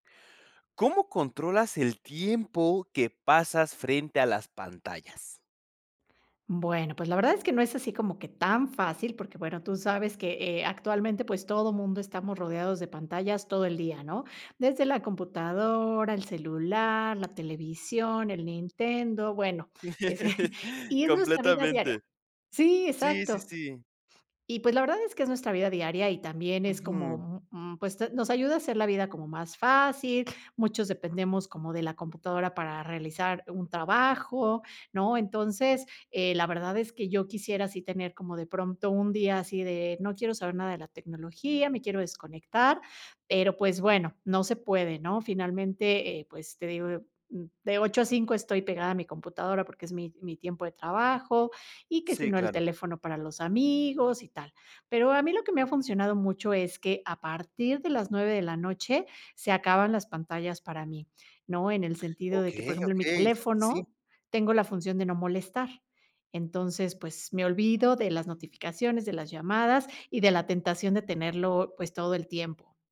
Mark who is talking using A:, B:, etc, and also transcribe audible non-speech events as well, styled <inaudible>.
A: ¿Cómo controlas el tiempo que pasas frente a las pantallas?
B: Bueno, pues, la verdad es que no es así como que tan fácil, porque, bueno, tú sabes que, eh, actualmente, pues, todo mundo estamos rodeados de pantallas todo el día, ¿no? Desde la computadora, el celular, la televisión, el Nintendo, bueno, ese,
A: <laughs>
B: y es nuestra vida diaria
A: Completamente.
B: sí,
A: Sí, sí,
B: exacto.
A: sí.
B: Y, pues, la verdad es que es nuestra vida diaria y también es
A: Ujú.
B: como, mm, pues, nos ayuda a hacer la vida como más fácil, muchos dependemos como de la computadora para realizar un trabajo, ¿no? Entonces, eh, la verdad es que yo quisiera sí tener como de pronto un día así de no quiero saber nada de la tecnología, me quiero desconectar, pero, pues, bueno, no se puede, ¿no? Finalmente, eh, pues, te digo, yo, mm, de 8 a 5 estoy pegada a mi computadora, porque es mi mi tiempo de trabajo, y que si
A: Sí,
B: no, el
A: claro.
B: teléfono para los amigos y tal. Pero a mí lo que me ha funcionado mucho es que a partir de las 9 de la noche se acaban las pantallas para mí, ¿no? En el sentido de que, por
A: Okey,
B: ejemplo, en mi
A: okey, sí.
B: teléfono tengo la función de no molestar. Entonces, pues, me olvido de las notificaciones, de las llamadas y de la tentación de tenerlo, pues, todo el tiempo.